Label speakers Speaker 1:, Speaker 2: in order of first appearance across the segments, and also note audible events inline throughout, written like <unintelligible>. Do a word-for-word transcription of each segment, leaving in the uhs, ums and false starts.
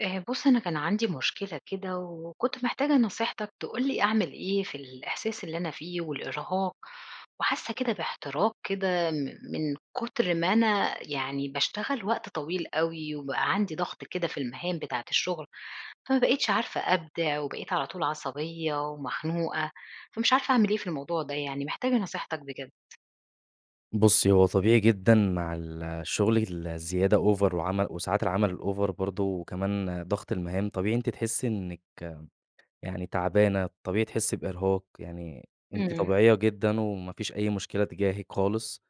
Speaker 1: آآ بُصّ أنا كان عندي مشكلة كده، وكنت محتاجة نصيحتك تقول لي أعمل إيه، في الإحساس اللي أنا فيه والإرهاق، وحاسة كده باحتراق كده من من كتر ما أنا يعني باشتغل وقت طويل أوي، وبقى عندي ضغط كده في المهام بتاعة الشغل، فما بقيتش عارفة أبدع، وبقيت على طول عصبية ومخنوقة، فمش عارفة أعمل إيه في الموضوع ده، يعني محتاجة نصيحتك بجد.
Speaker 2: بُصّي هو طبيعي جدًا مع الشغل ال الزيادة over، وعمل وساعات العمل الover برضه، وكمان ضغط المهام، طبيعي أنتِ تحسي إنِّك يعني تعبانة، الطبيعي تحسي بإرهاق، يعني أنتِ
Speaker 1: امم.
Speaker 2: طبيعية جدًا، وما فيش أي مشكلة تجاهِك خالص،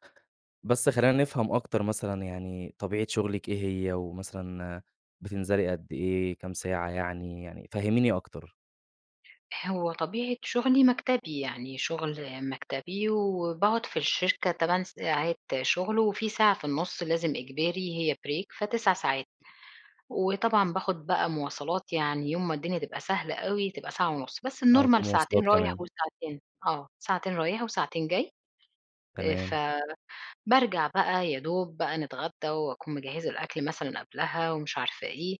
Speaker 2: بس خلينا نفهم أكتر مثلًا، يعني طبيعة شغلِك إيه هي؟ ومثلًا بتنزلي قد إيه، كام ساعة يعني؟ يعني فهّميني أكتر.
Speaker 1: هو طبيعة شغلي مكتبي، يعني شغل مكتبي، وباقعد في الشركة تمان ساعات شغل، وفي ساعة في النُص لازم إجباري هي break فتِسَع ساعات، وطبعًا باخد بقى مواصلات يعني يوم ما الدنيا تبقى سهلة أوي، تبقى ساعة ونص، بس
Speaker 2: آه وفي
Speaker 1: الnormal
Speaker 2: مواصلات
Speaker 1: ساعتين رايح
Speaker 2: كمان.
Speaker 1: وساعتين آه، ساعتين رايح وساعتين جاي، آآ ف
Speaker 2: تمام.
Speaker 1: بارجع بقى يا دوب بقى نتغدى، وأكون مجهّزة الأكل مثلًا قبلها ومش عارفة إيه،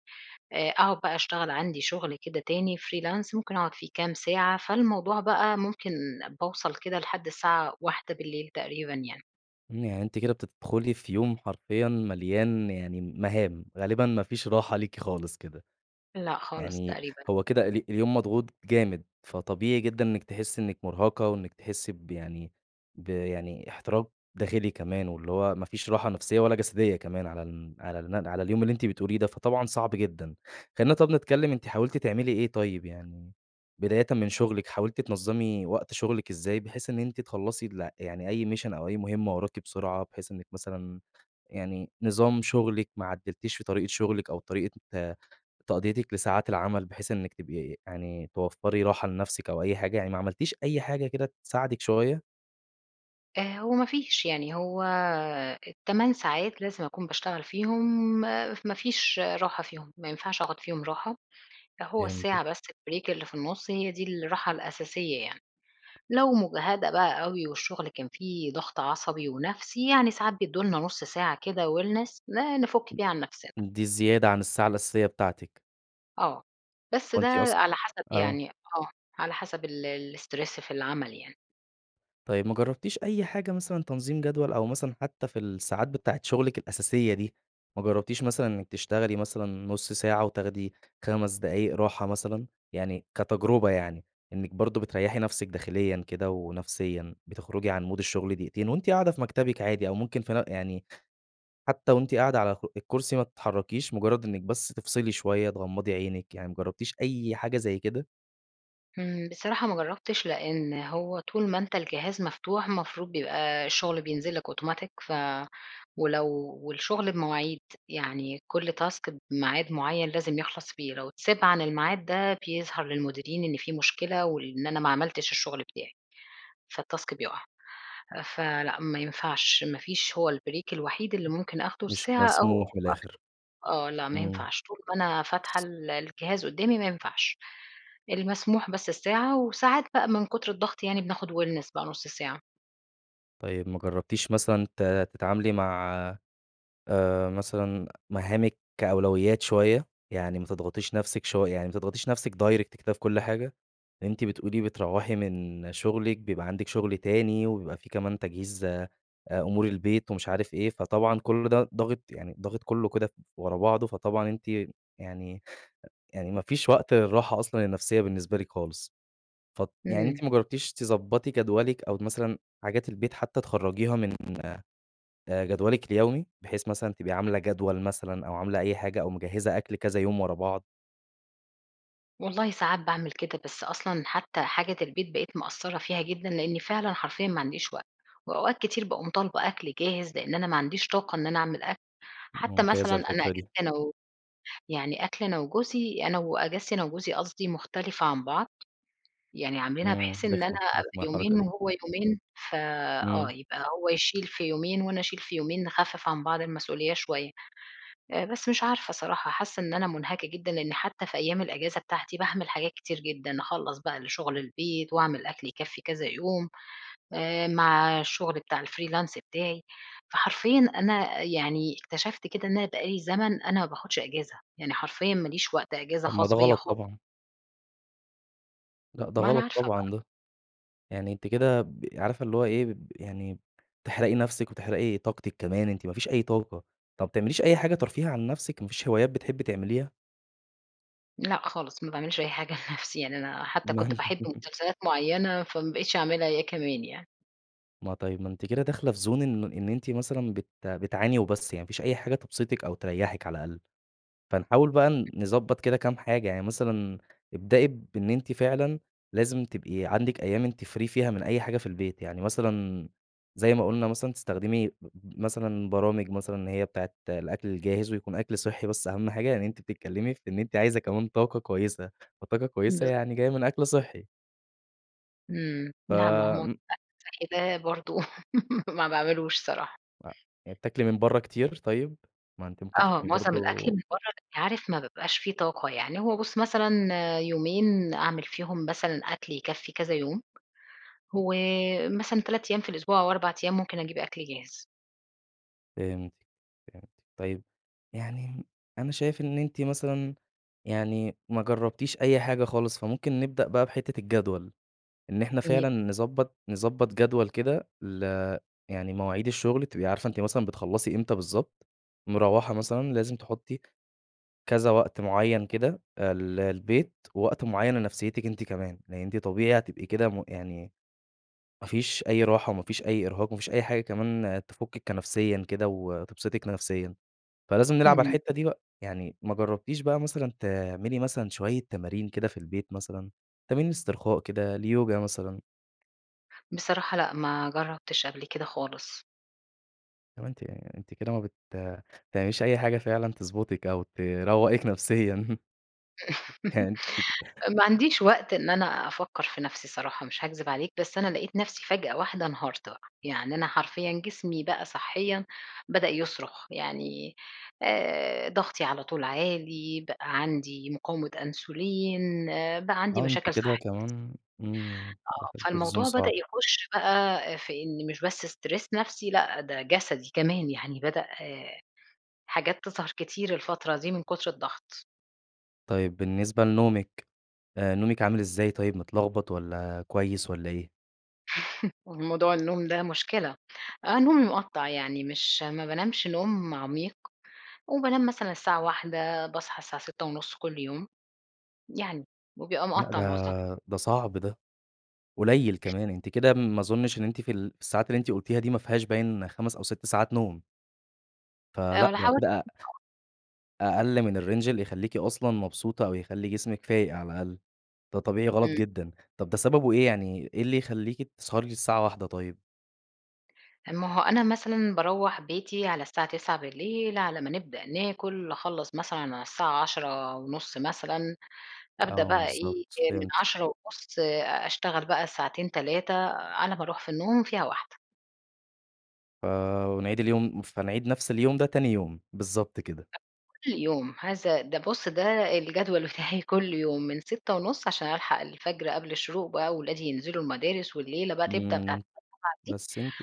Speaker 1: آآ أقعد بقى أشتغل عندي شغل كده تاني freelance، ممكن أقعد فيه كام ساعة، فالموضوع بقى ممكن باوصل كده لحد الساعة واحدة بالليل تقريبًا يعني.
Speaker 2: يعني أنتِ كده بتدخلي في يوم حرفيًا مليان يعني مهام، غالبًا ما فيش
Speaker 1: <unintelligible>
Speaker 2: راحة ليكِ خالص كده،
Speaker 1: لأ، خالص،
Speaker 2: يعني
Speaker 1: تقريبًا.
Speaker 2: هو كده ال اليوم مضغوط جامد، فطبيعي جدًا إنِّك تحسّي إنِّك مُرهقة وإنِّك تحسّي ب يعني ب يعني احتراق داخلي كمان، واللي هو ما فيش راحة نفسيّة ولا جسدية كمان، على ال على الم على اليوم اللي أنتِ بتقوليه ده، فطبعًا صعب جدًا. خلّينا طب نتكلّم أنتِ حاولتِ تعملي إيه طيّب يعني، بدايةً من شغلِك حاولتِ تنظّمي وقت شغلِك إزاي؟ بحيث إن أنتِ تخلّصي الل يعني أي mission أو أي مهمّة وراكِ بسرعة، بحيث إنِّك مثلًا يعني نظام شغلِك ما عدّلتيش في طريقة شغلِك، أو طريقة ت تقضيتِك لساعات العمل، بحيث إنِّك تبقي يعني توفّري راحة لنفسِك أو أي حاجة، يعني ما عملتيش أي حاجة كده تساعدِك شويّة؟
Speaker 1: آآ هو ما فيش، يعني هو التمان ساعات، لازم أكون باشتغل فيهم، ما ما فيش راحة فيهم، ما ينفعش آخد فيهم راحة، لأ هو
Speaker 2: فهمتِك.
Speaker 1: الساعة بس البريك اللي في النُص، هي دي الراحة الأساسية يعني، لو مُجهدَة بقى أوي والشغل كان فيه ضغط عصبي ونفسي، يعني ساعات بيدّوا لنا نص ساعة كده wellness ن نفُك بيها عن نفسنا.
Speaker 2: دي زيادة عن الساعة الأساسية بتاعتِك.
Speaker 1: آه، بس
Speaker 2: هو
Speaker 1: ده
Speaker 2: أنتِ أص
Speaker 1: على حسب
Speaker 2: آه.
Speaker 1: يعني آه، على حسب ال الstress في العمل يعني.
Speaker 2: طيب ما جربتيش أي حاجة مثلًا تنظيم جدول أو مثلًا حتى في الساعات بتاعة شغلِك الأساسية دي ما جربتيش مثلًا إنِك تشتغلي مثلًا نص ساعة وتاخدي خَمَس دقايق راحة مثلًا؟ يعني كتجربة يعني، إنِك برضه بتريحي نفسِك داخليًا كده ونفسيًا بتخرجي عن مود الشغل دقيقتين وأنتِ قاعدة في مكتبِك عادي أو ممكن في نف يعني حتى و أنتِ قاعدة على خ الكرسي ما تتحركيش، مجرد إنِك بس تفصلي شوية، تغمضي عينِك، يعني ما جربتيش أي حاجة زي كده؟
Speaker 1: إمم، بصراحة ما جربتِش لأن هو طول ما أنت الجهاز مفتوح، المفروض بيبقى الشغل بينزل لك أوتوماتيك، ف ولو والشغل بمواعيد، يعني كل task بميعاد مُعيّن لازم يخلص فيه، لو اتساب عن الميعاد ده بيظهر للمديرين إن في مشكلة وال إن أنا ما عملتش الشغل بتاعي، فالtask بيقع. فلأ، ما ينفعش، ما فيش هو البريك الوحيد اللي ممكن آخده
Speaker 2: مش
Speaker 1: الساعة أو
Speaker 2: مسموح
Speaker 1: <unintelligible>
Speaker 2: من الآخر.
Speaker 1: آه، لأ، ما
Speaker 2: إمم.
Speaker 1: ينفعش، طول ما أنا فاتحة ال الجهاز قدامي ما ينفعش. المسموح بس الساعة وساعات بقى من كتر الضغط يعني بناخد wellness بقى نص ساعة.
Speaker 2: طيب ما جربتيش مثلًا ت تتعاملي مع آآ مثلًا مهامِك كأولويات شويّة، يعني ما تضغطيش نفسِك شو يعني ما تضغطيش نفسِك direct كده في كل حاجة، أنتِ بتقولي بتروّحي من شغلِك، بيبقى عندِك شغل تاني، وبيبقى في كمان تجهيز أ أمور البيت ومش عارف إيه، فطبعًا كل ده ضاغط يعني ضاغط كلّه كده ف ورا بعضه، فطبعًا أنتِ يعني يعني ما فيش وقت للراحة أصلًا النفسيّة بالنسبة لِك خالص. فاط يعني
Speaker 1: إمم.
Speaker 2: أنتِ ما جربتيش تضبّطي جدولِك، أو مثلًا حاجات البيت حتّى تخرجيها من آآ جدولِك اليومي، بحيث مثلًا تبقي عاملة جدول مثلًا، أو عاملة أي حاجة، أو مجهزة أكل كذا يوم ورا بعض؟
Speaker 1: والله ساعات باعمل كده، بس أصلًا حتّى حاجة البيت بقيت مقصرة فيها جدًا، لأني فعلًا حرفيًا ماعنديش وقت، وأوقات كتير باقوم طالبة أكل جاهز، لإن أنا ما عنديش طاقة إن أنا أعمل أكل، حتّى
Speaker 2: ممتازة
Speaker 1: مثلًا أنا
Speaker 2: الفكرة دي.
Speaker 1: أجازتي أنا و يعني أكلي أنا وجوزي أنا و أجازتي أنا وجوزي قصدي مختلفة عن بعض، يعني عاملينها،
Speaker 2: إمم
Speaker 1: بحيث إن أنا
Speaker 2: رخمة،
Speaker 1: أبقى
Speaker 2: رخمة الحركة
Speaker 1: يومين
Speaker 2: دي.
Speaker 1: وهو يومين، ف آه
Speaker 2: إمم.
Speaker 1: يبقى هو يشيل في يومين، وأنا أشيل في يومين نخفّف عن بعض المسؤوليّة شويّة، آآ بس مش عارفة صراحة حاسّة إن أنا مُنهكة جدًا، لأني حتّى في أيّام الإجازة بتاعتي، باعمل حاجات كتير جدًا، أخلّص بقى الشغل البيت، وأعمل أكل يكفّي كذا يوم، آآ مع الشغل بتاع الfreelance بتاعي، فحرفيًا أنا يعني اكتشفت كده، إن أنا بقى لي زمن أنا ما باخدش أجازة، يعني حرفيًا ما ليش وقت أجازة
Speaker 2: طب ما
Speaker 1: خاص
Speaker 2: ده
Speaker 1: بيّا
Speaker 2: غلط
Speaker 1: خالص.
Speaker 2: طبعًا. لأ، ده
Speaker 1: ما أنا
Speaker 2: غلط
Speaker 1: عارفة بقى.
Speaker 2: طبعًا ده. يعني أنتِ كده ب عارفة اللي هو إيه، بب يعني بتحرقي نَفسِك، وتحرقي طاقتِك كمان. أنتِ ما فيش أي طاقة. طب ما بتعمليش أي حاجة ترفية عن نَفسِك، ما فيش هوايات بتحبّي تعمليها؟
Speaker 1: لأ خالص، ما باعملش أي حاجة لنفسي. يعني أنا حتّى كنت باحب
Speaker 2: <chuckles>
Speaker 1: مسلسلات معيّنة، فما بقيتش أعملها هي كمان يعني.
Speaker 2: ما طيب، ما أنتِ كده داخلة في زون إن ما إن أنتِ مثلًا بت بتعاني وبس. يعني ما فيش أي حاجة تبسِطِك، أو تريّحِك على الأقل. فنحاول بقى نضبّط كده كام حاجة. يعني مثلًا ابدئي بإن أنتِ فعلًا لازم تبقي عندِك أيام أنتِ free فيها من أي حاجة في البيت. يعني مثلًا زي ما قُلنا مثلًا تستخدمي بب مثلًا برامج مثلًا، إن هي بتاعة الأكل الجاهز، ويكون أكل صحّي، بس أهم حاجة، إن أنتِ بتتكلّمي في إن أنتِ عايزة كمان طاقة كويسة. فالطاقة الكويسة
Speaker 1: بالظ
Speaker 2: يعني جاية من أكل صحّي.
Speaker 1: إمم. لأ، مهو
Speaker 2: فم
Speaker 1: <unintelligible> الأكل الصحّي ده برضه <laughs> ما باعملوش صراحة.
Speaker 2: لأ، يعني بتاكلي من برّه كتير طيب؟ ما أنتِ ممكن
Speaker 1: آه.
Speaker 2: تكوني
Speaker 1: مُعظم الأكل
Speaker 2: برضه
Speaker 1: من برّه، بس عارف ما بابقاش في طاقة. يعني هو بُص مثلًا يومين أعمل فيهم مثلًا أكل يكفّي كذا يوم، ومثلًا تَلَت أيام في الأسبوع، أو أربع أيام، ممكن أجيب أكل جاهز.
Speaker 2: فهمتِك، فهمتِ. طيب يعني أنا شايف إن أنتِ مثلًا يعني ما جربتيش أي حاجة خالص، فممكن نبدأ بقى بحتة الجدول، إن إحنا
Speaker 1: <unintelligible>
Speaker 2: فعلًا نضبط نضبط جدول كده ل يعني مواعيد الشغل، تبقي عارفة إن أنتِ مثلًا بتخلصي إمتى بالضبط، مروّحة مثلًا لازم تحطي كذا وقت مُعيّن كده آآ للبيت، ووقت مُعيّن لنفسيتك أنتِ كمان، لأن أنتِ طبيعي هتبقي كده م يعني ما فيش أي راحة وما فيش أي إرهاق وما فيش أي حاجة كمان تفكِك كنفسيًا كده وتبسطِك نفسيًا. فلازم نلعب على
Speaker 1: امم.
Speaker 2: الحتة دي بقى، يعني ما جربتيش بقى مثلًا تعملي مثلًا شوية تمارين كده في البيت مثلًا؟ تمارين إسترخاء كده اليوجا مثلًا؟
Speaker 1: بصراحة لأ، ما جربتش قبل كده خالص.
Speaker 2: طب أنتِ أنتِ كده ما بت تعمليش أي حاجة فعلًا تضبُطِك أو تروقِك نفسيًا.
Speaker 1: <laughs>
Speaker 2: يعني أنتِ
Speaker 1: ما عنديش وقت إن أنا أفكر في نفسي صراحة مش هاكذب عليك، بس أنا لقيت نفسي فجأة واحدة انهارت بقى. يعني أنا حرفيًا جسمي بقى صحيًا بدأ يصرخ يعني آآ ضغطي على طول عالي، بقى عندي مقاومة أنسولين، آآ بقى عندي
Speaker 2: آه، أنتِ
Speaker 1: مشاكل
Speaker 2: كده
Speaker 1: صح
Speaker 2: كمان امم،
Speaker 1: آه،
Speaker 2: دخلتِ في zone
Speaker 1: فالموضوع بدأ
Speaker 2: صعب.
Speaker 1: يخُش بقى في إن مش بس stress نفسي لأ، ده جسدي كمان يعني بدأ حاجات تظهر كتير الفترة دي من كُتر الضغط.
Speaker 2: طيب بالنسبة لنومِك، آآ نومِك عامل إزاي طيب، متلخبط والّا كويس والّا إيه؟
Speaker 1: <chuckles> موضوع النوم ده مشكلة. آه، نومي مقطَّع يعني مش ما بانامش نوم عميق، وبانام مثلًا الساعة واحدة باصحى الساعة سِتة ونُص كل يوم. يعني، وبيبقى
Speaker 2: لأ
Speaker 1: مقطَّع
Speaker 2: ده،
Speaker 1: معظمة.
Speaker 2: ده صعب ده، قليِّل
Speaker 1: <unintelligible>
Speaker 2: كمان، أنتِ كده ما أظنش إن أنتِ في الساعات اللي أنتِ قلتيها دي ما فيهاش باين خَمس أو سِت ساعات نوم. فلأ،
Speaker 1: أنا
Speaker 2: ده
Speaker 1: حاولت.
Speaker 2: كده أ
Speaker 1: <unintelligible>
Speaker 2: أقل من الrange اللي يخلّيكِ أصلًا مبسوطة، أو يخلّي جسمِك فايق على الأقل. ده طبيعي غلط
Speaker 1: امم.
Speaker 2: جدًا. طب ده سببه إيه يعني، إيه اللي يخلّيكِ تسهري للساعة واحدة طيب؟
Speaker 1: ما هو أنا مثلًا باروَّح بيتي على الساعة تسعة بالليل على ما نبدأ ناكُل نخلَّص مثلًا على الساعة عَشرة ونُص مثلًا، أبدأ
Speaker 2: آه
Speaker 1: بقى إيه،
Speaker 2: بالضبط.
Speaker 1: من
Speaker 2: فهمتك.
Speaker 1: عَشرة ونُص آآ أشتغل بقى ساعتين تلاتة أنا باروح في النوم فيها واحدة
Speaker 2: ف ونعيد اليوم فنعيد نفْس اليوم ده تاني يوم. بالضبط كده.
Speaker 1: <unintelligible> كل يوم، هذا ده بُص، ده الجدول بتاعي كل يوم من سِتة ونُص عشان ألحق الفجر قبل الشروق بقى وأولادي ينزلوا المدارس والليلة بقى تبدأ بتاعة
Speaker 2: امم.
Speaker 1: <unintelligible>
Speaker 2: بس أنتِ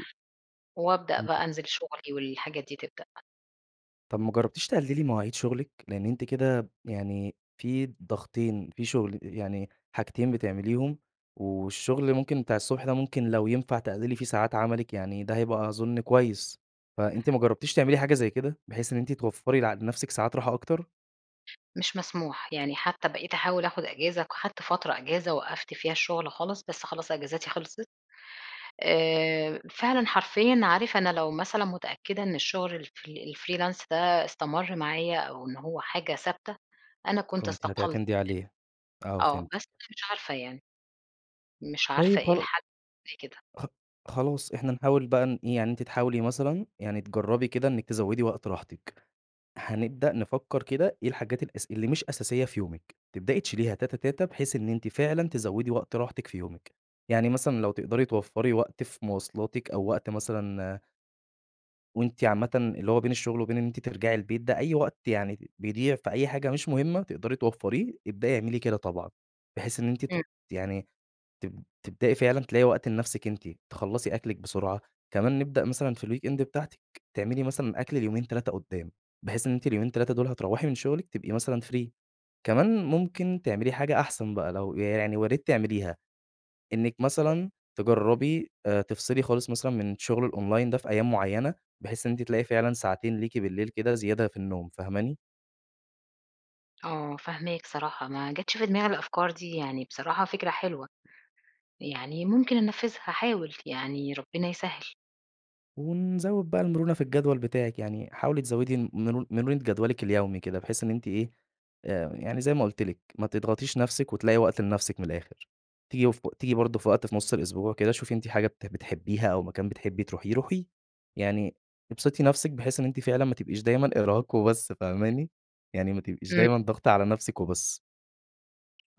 Speaker 1: وأبدأ
Speaker 2: أنتِ
Speaker 1: بقي أنزِل شغلي والحاجات دي تبدأ.
Speaker 2: طب ما جربتيش تقلّلي مواعيد شغلِك؟ لأن أنتِ كده يعني في ضغطين في شغل يعني حاجتين بتعمليهم، والشغل ممكن بتاع الصبح ده، ممكن لو ينفع تقلّلي في ساعات عملِك، يعني ده هيبقى أظن كويس. فأنتِ ما جربتيش تعملي حاجة زي كده، بحيث إن أنتِ توفري لنفسِك ساعات راحة أكتر؟
Speaker 1: مش مسموح، يعني حتى بقيت أحاول آخد إجازة، خدت فترة إجازة وقّفت فيها الشغل خالص، بس خلاص أجازاتي خلصت. آآ فعلًا حرفيًا، عارف أنا لو مثلًا متأكدة إن الشغل ال-fr الfreelance ده استمر معايا، أو إن هو حاجة ثابتة أنا كنت
Speaker 2: كنتِ
Speaker 1: استقلت.
Speaker 2: هتعتمدي عليه، آه
Speaker 1: آه
Speaker 2: فهمتِك.
Speaker 1: بس مش عارفة يعني، مش عارفة
Speaker 2: طيب
Speaker 1: إيه
Speaker 2: خلاص
Speaker 1: الحل <unintelligible> كده.
Speaker 2: خ خلاص إحنا نحاول بقى نإيه، يعني أنتِ تحاولي مثلًا يعني تجربي كده إنِّك تزوّدي وقت راحتِك، هنبدأ نفكر كده إيه الحاجات الأس اللي مش أساسية في يومِك، تبدأي تشيليها تاته تاته، بحيث إن أنتِ فعلًا تزوّدي وقت راحتِك في يومِك، يعني مثلًا لو تقدري توفري وقت في مواصلاتِك، أو وقت مثلًا وأنتِ عامةً اللي هو بين الشغل وبين إن أنتِ ترجعي البيت ده، أي وقت يعني بيضيع في أي حاجة مش مهمة تقدري توفريه، ابدأي اعملي كده طبعًا، بحيث إن أنتِ ت
Speaker 1: امم.
Speaker 2: يعني تب تبدئي فعلًا تلاقي وقت لنفسِك أنتِ، تخلّصي أكلِك بسرعة، كمان نبدأ مثلًا في الweekend بتاعتِك، تعملي مثلًا أكل ليومين، تلاتة قدّام، بحيث إن أنتِ اليومين تلاتة دول هتروّحي من شغلِك تبقي مثلًا free، كمان ممكن تعملي حاجة أحسن بقى، لو يعني ويا ريت تعمليها، إنِّك
Speaker 1: <unintelligible>
Speaker 2: مثلًا تجرّبي آآ تفصلي خالص مثلًا من شغل الonline ده في أيام معيّنة، بحيث إن أنتِ تلاقي فعلًا ساعتين ليكِ بالليل كده زيادة في النوم، فاهماني؟
Speaker 1: آه فاهماك صراحة، ما جتش في دماغي الأفكار دي، يعني بصراحة فكرة حلوة، يعني ممكن أنفذها، هاحاول، يعني ربنا يسهّل.
Speaker 2: ونزوّد بقى المرونة في الجدول بتاعِك، يعني حاولي تزوّدي مر مرونة جدولِك اليومي كده، بحيث إن أنتِ إيه، آآ، يعني زي ما قُلت لِك، ما تضغطيش نفسِك وتلاقي وقت لنفسِك من الآخر. تيجي ف تيجي برضه في وقت في نص الأسبوع كده، شوفي أنتِ حاجة بت بتحبيها أو مكان بتحبي تروحيه، روحيه، يعني ابسطي نفسِك، بحيث إن أنتِ فعلًا ما تبقيش دايمًا إرهاق وبس، فاهماني؟ يعني ما تبقيش
Speaker 1: امم.
Speaker 2: دايمًا ضاغطة على نفسِك وبس.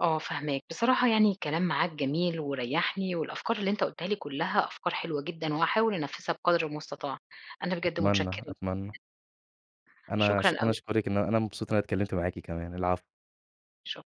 Speaker 1: آه فاهماك، بصراحة يعني الكلام معاك جميل وريّحني، والأفكار اللي أنت قُلتها لي كلها أفكار حلوة جدًا، وهاحاول أنفذها بقدر المستطاع. أنا بجد
Speaker 2: أتمنى،
Speaker 1: متشكرة ل
Speaker 2: أتمنى. أنا أش
Speaker 1: شكرًا
Speaker 2: أنا
Speaker 1: أوي.
Speaker 2: أشكرِك إن أ أنا مبسوط إن أنا اتكلمت معاكِ كمان، العفو.
Speaker 1: شك